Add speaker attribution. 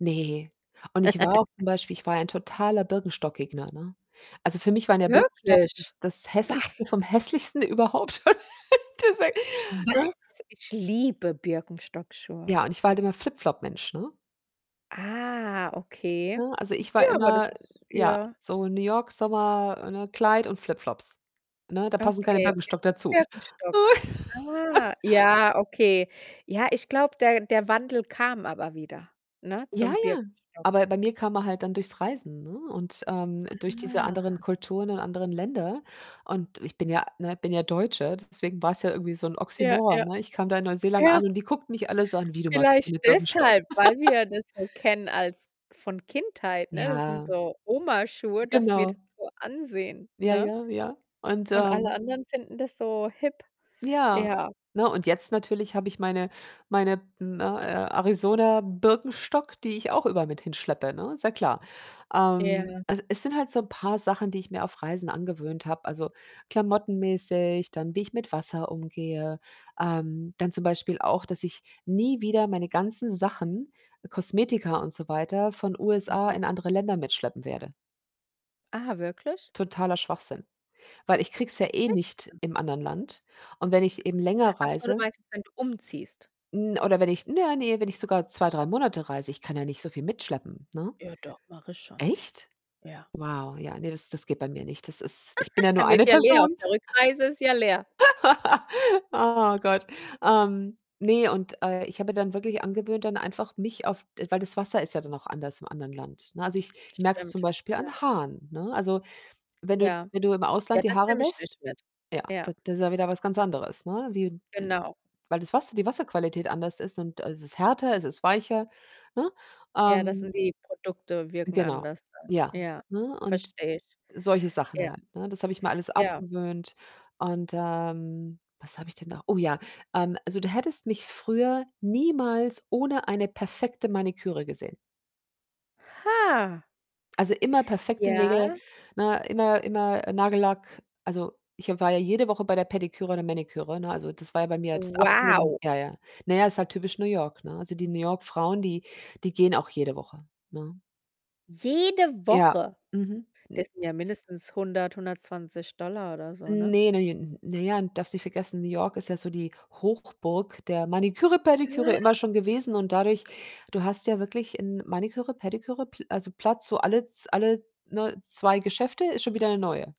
Speaker 1: Ne, und ich war auch zum Beispiel ich war ja ein totaler Birkenstock-Gegner, ne? Also, für mich waren ja Birkenstock
Speaker 2: Wirklich?
Speaker 1: das das Hässlichste
Speaker 2: Was?
Speaker 1: vom Hässlichsten überhaupt., [unintelligible] ne?
Speaker 2: Was? Ich liebe Birkenstock-Schuhe.
Speaker 1: Ja, und ich war halt immer Flip-Flop-Mensch, ne?
Speaker 2: Ah, okay.
Speaker 1: Ne, also ich war
Speaker 2: Ja, aber
Speaker 1: immer,
Speaker 2: das ist
Speaker 1: ja,
Speaker 2: ja.
Speaker 1: so New York, Sommer, ne, Kleid und Flipflops. Ne, da passen keine
Speaker 2: Okay, und
Speaker 1: Birkenstock
Speaker 2: jetzt ist
Speaker 1: dazu.
Speaker 2: Birkenstock ah, ja, okay. Ja, ich glaube, der der Wandel kam aber wieder, ne,
Speaker 1: Ja,
Speaker 2: zum
Speaker 1: ja,
Speaker 2: Birkenstock.
Speaker 1: aber bei mir kam er halt dann durchs Reisen, ne, und, ähm, durch diese anderen
Speaker 2: Ah.
Speaker 1: Kulturen und anderen Länder und ich bin ja, ne bin ja Deutsche, deswegen war's ja irgendwie so 'n
Speaker 2: Ja,
Speaker 1: Oxymoron,
Speaker 2: ja,
Speaker 1: ne? Ich kam da in Neuseeland an
Speaker 2: ja.
Speaker 1: und die guckten mich alle so an: „Wie du magst
Speaker 2: Vielleicht
Speaker 1: keine Birkenstock?"
Speaker 2: deshalb, weil wir das so kennen als von Kindheit, ne, das sind
Speaker 1: Ja.
Speaker 2: so Oma-Schuhe, das wir
Speaker 1: Genau.
Speaker 2: das so ansehen,
Speaker 1: Ja,
Speaker 2: ne?
Speaker 1: ja, ja. Und,
Speaker 2: Und alle
Speaker 1: ähm
Speaker 2: Anderen finden das so hip.
Speaker 1: Ja.
Speaker 2: Ja.
Speaker 1: Ne, und jetzt natürlich habe ich meine meine, b ne, A Arizona Birkenstock, die ich auch überall mit hinschleppe, ne, ist ja klar. Ähm,
Speaker 2: Ja.
Speaker 1: also es sind halt so 'n paar Sachen, die ich mir auf Reisen angewöhnt habe. Also, klamottenmäßig, dann wie ich mit Wasser umgehe, ähm, dann zum Beispiel auch, dass ich nie wieder meine ganzen Sachen, Kosmetika und so weiter, von USA
Speaker 2: Mhm.
Speaker 1: in andere Länder mitschleppen werde.
Speaker 2: Ah, wirklich?
Speaker 1: Totaler Schwachsinn, weil ich kriege es ja eh nicht
Speaker 2: [unintelligible]
Speaker 1: im anderen Land und wenn ich eben länger
Speaker 2: Achso, du
Speaker 1: reise
Speaker 2: meinst jetzt, wenn du umziehst?
Speaker 1: 'n oder wenn ich naja, ne, wenn ich sogar 2, 3 Monate reise, ich kann ja nicht so viel mitschleppen, ne?
Speaker 2: Ja, doch, mache ich schon.
Speaker 1: Echt?
Speaker 2: Ja.
Speaker 1: Wow, ja, ne, das das geht bei mir nicht. Das ist ich bin ja nur
Speaker 2: Der wird
Speaker 1: eine
Speaker 2: ja leer, auf
Speaker 1: Person.
Speaker 2: der Rückreise ist ja leer.
Speaker 1: Oh Gott. Ähm, ne, und, äh, ich habe mir dann wirklich angewöhnt, dann einfach mich auf d weil das Wasser ist ja dann auch anders im anderen Land, ne, also ich merke es zum
Speaker 2: Stimmt,
Speaker 1: Beispiel an
Speaker 2: ja.
Speaker 1: Haaren, ne? Also, wenn du
Speaker 2: Ja.
Speaker 1: wenn du im
Speaker 2: Ja,
Speaker 1: Ausland die
Speaker 2: das
Speaker 1: Haare
Speaker 2: nehme ich
Speaker 1: wäscht,
Speaker 2: nicht mit.
Speaker 1: ja, d
Speaker 2: Ja.
Speaker 1: das ist ja wieder was ganz anderes, ne, wie d
Speaker 2: Genau.
Speaker 1: weil das Wasser die Wasserqualität anders ist und es ist härter, es ist weicher, ne?
Speaker 2: Ja, das
Speaker 1: Ähm
Speaker 2: sind die Produkte, wirken
Speaker 1: Genau,
Speaker 2: anders dann.
Speaker 1: ja,
Speaker 2: Ja,
Speaker 1: ne, und
Speaker 2: verstehe ich.
Speaker 1: solche Sachen
Speaker 2: Ja.
Speaker 1: halt, ne? Das habe ich mir alles
Speaker 2: Ja.
Speaker 1: abgewöhnt und, ähm, was habe ich denn noch oh ja. Ähm, also du hättest mich früher niemals ohne eine perfekte Maniküre gesehen.
Speaker 2: Ha.
Speaker 1: Also immer perfekte Nägel,
Speaker 2: Ja.
Speaker 1: ne, immer immer, äh, Nagellack. Also, ich habe war ja jede Woche bei der Pediküre der Maniküre, ne, also das war ja bei mir das absolute m
Speaker 2: Wow.
Speaker 1: ja, ja. Na ja, ist halt typisch New York, ne? Also, die New York Frauen, die die gehen auch jede Woche, ne?
Speaker 2: Jede
Speaker 1: Ja,
Speaker 2: Woche?
Speaker 1: mhm.
Speaker 2: Das
Speaker 1: Ne
Speaker 2: sind ja mindestens 100, 120 $ oder so, ne?
Speaker 1: Ne, ne, j n naja, darfst nicht vergessen, New York ist ja so die Hochburg der Maniküre, Pediküre,
Speaker 2: [unintelligible]
Speaker 1: immer schon gewesen und dadurch du hast ja wirklich in Maniküre, Pediküre Pl also Platz, wo alles alle, ne, 2 Geschäfte ist schon wieder 'ne Neue.